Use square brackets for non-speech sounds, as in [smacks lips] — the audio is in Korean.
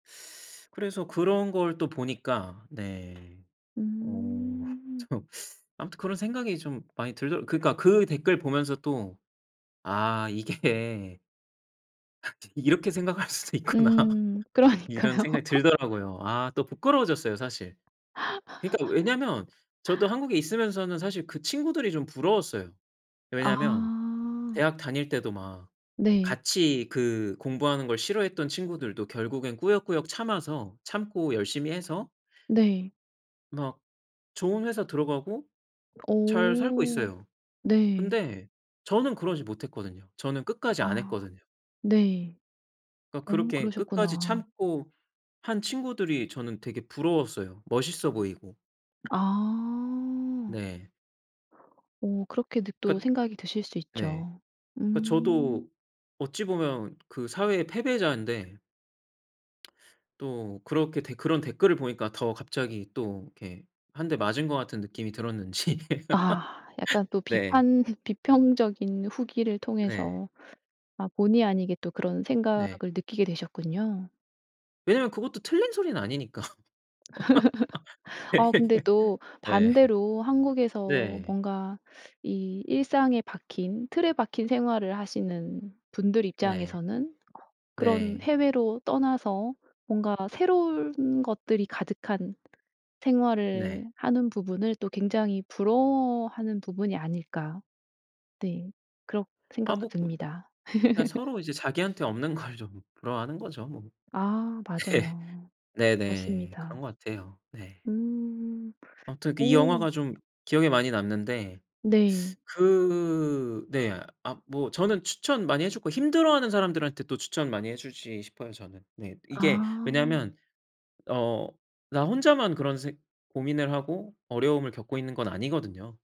그래서 그런 걸 또 보니까 네. 어. 음. 참 아무튼 그런 생각이 좀 많이 들더 그니까 그 댓글 보면서 또 "아 이게" " [unintelligible] ...이렇게 생각할 수도 있구나." 음. 이런 그러니까요. 생각이 들더라고요. 아 또 부끄러워졌어요 사실. 그니까 왜냐면 저도 [laughs] 한국에 있으면서는 사실 그 친구들이 좀 부러웠어요. 왜냐면 아. 대학 다닐 때도 막 네. 같이 그 공부하는 걸 싫어했던 친구들도 결국엔 꾸역꾸역 참아서 참고 열심히 해서 네. 막 좋은 회사 들어가고 잘 살고 오. 있어요. 네. 근데 저는 그러지 못했거든요. 저는 끝까지 안 아. 했거든요. 네. 그니까 어 그렇게 끝까지 그러셨구나. 참고 한 친구들이 저는 되게 부러웠어요. 멋있어 보이고. 아. 네. 어 그렇게도 또 그 생각이 드실 수 네. 있죠. 그 음. 저도 어찌 보면 그 사회의 패배자인데 [smacks lips] 또 그렇게 댓 그런 댓글을 보니까 더 갑자기 또 이렇게 1 대 맞은 것 같은 느낌이 들었는지 아. 약간 또 네. 비판 비평적인 후기를 네. 통해서 아 본의 아니게 또 그런 생각을 네. 느끼게 되셨군요. 왜냐면 그것도 틀린 소리는 아니니까. [laughs] 아 근데 또 [laughs] 네 반대로 한국에서 네. 뭔가 이 일상에 박힌 틀에 박힌 생활을 하시는 분들 네. 입장에서는 그런 네. 해외로 떠나서 뭔가 새로울 ...운 것들이 가득한 생활을 네. 하는 부분을 또 굉장히 부러워하는 부분이 아닐까. 네. 그런 아 생각도 뭐 듭니다. 그냥 [laughs] 서로 이제 자기한테 없는 걸 좀 부러워하는 거죠 뭐. 아. [laughs] 맞아요. 네네. 그런 맞습니다. 것 같아요. 네. 음. 암튼 이 어. 영화가 좀 기억에 많이 남는데. 네. 그 네. 아 뭐 저는 추천 많이 해줬고 힘들어하는 사람들한테 또 추천 많이 해주지 싶어요 저는. 네. 이게 아. 왜냐면 어 나 혼자만 그런 생 고민을 하고 어려움을 겪고 있는 건 아니거든요.